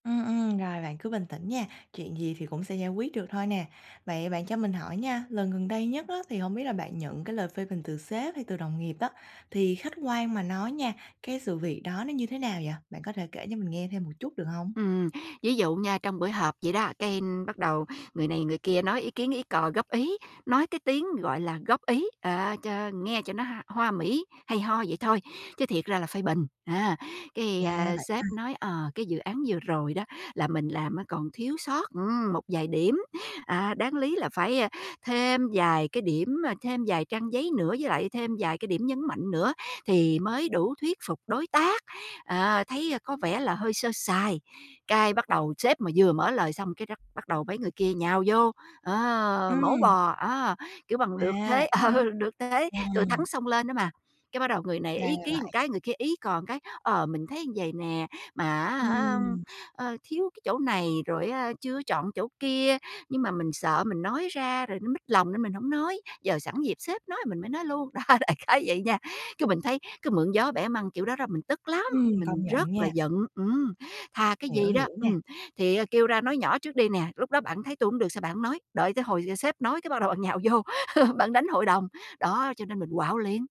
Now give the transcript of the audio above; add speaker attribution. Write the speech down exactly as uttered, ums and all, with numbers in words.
Speaker 1: Ừm, ừm, rồi bạn cứ bình tĩnh nha, chuyện gì thì cũng sẽ giải quyết được thôi nè. Vậy bạn cho mình hỏi nha, lần gần đây nhất á thì hổng biết là bạn nhận cái lời phê bình từ sếp hay từ đồng nghiệp á thì khách quan mà nói nha, cái sự việc đó nó như thế nào vậy? Bạn có thể kể cho mình nghe thêm một chút được hông?
Speaker 2: Ừm, ví dụ nha, trong buổi họp vậy đó, cái bắt đầu người này người kia nói ý kiến ý cò góp ý, nói cái tiếng, gọi là, góp ý, à, cho nghe cho nó h hoa mỹ hay ho vậy thôi, chứ thiệt ra là phê bình, à. Cái,
Speaker 1: À,
Speaker 2: ờ,
Speaker 1: vậy ha!
Speaker 2: sếp nói, ờ, cái dự án vừa rồi đó là mình làm á còn thiếu sót, ưm, một vài điểm, à, đáng lý là phải, à, thêm vài cái điểm, thêm vài trang giấy nữa, với lại thêm vài cái điểm nhấn mạnh nữa thì mới đủ thuyết phục đối tác, à, thấy có vẻ là hơi sơ sài. Cái, bắt đầu sếp mà vừa mở lời xong cái rắc bắt đầu mấy người kia nhào vô, ờ, mổ
Speaker 1: Ừm.
Speaker 2: bò á, kiểu, bằng được
Speaker 1: À,
Speaker 2: thế
Speaker 1: vậy đó
Speaker 2: ờ,
Speaker 1: hả?
Speaker 2: được thế thừa thắng
Speaker 1: Ừm.
Speaker 2: xông lên đó mà. Cái, bắt đầu người này
Speaker 1: Ra
Speaker 2: ý
Speaker 1: là
Speaker 2: kiến ờn
Speaker 1: vậy.
Speaker 2: cái người kia ý cò cái "Ờ, mình thấy vầy nè, mà á hả,
Speaker 1: Ừm.
Speaker 2: ờ, thiếu cái chỗ này rồi á chưa chọn chỗ kia, nhưng mà mình sợ mình nói ra rồi nó mích lòng nên mình hổng nói, giờ sẵn dịp sếp nói mình mới nói luôn", đó, đại khái vậy nha. Cái, mình thấy cứ mượn gió bẻ măng kiểu đó đó mình tức lắm,
Speaker 1: Ừm, công
Speaker 2: mình rất
Speaker 1: nhận
Speaker 2: là
Speaker 1: nha.
Speaker 2: giận, ừm, thà cái
Speaker 1: Hiểu,
Speaker 2: gì đó,
Speaker 1: hiểu nè.
Speaker 2: ừm, thì, ờ, kêu ra nói nhỏ trước đi nè, lúc đó bạn thấy tôi hổng được sao bạn hổng nói, đợi tới hồi sếp nói cái bắt đầu nhào vô bạn đánh hội đồng, đó, cho nên mình quạu liền.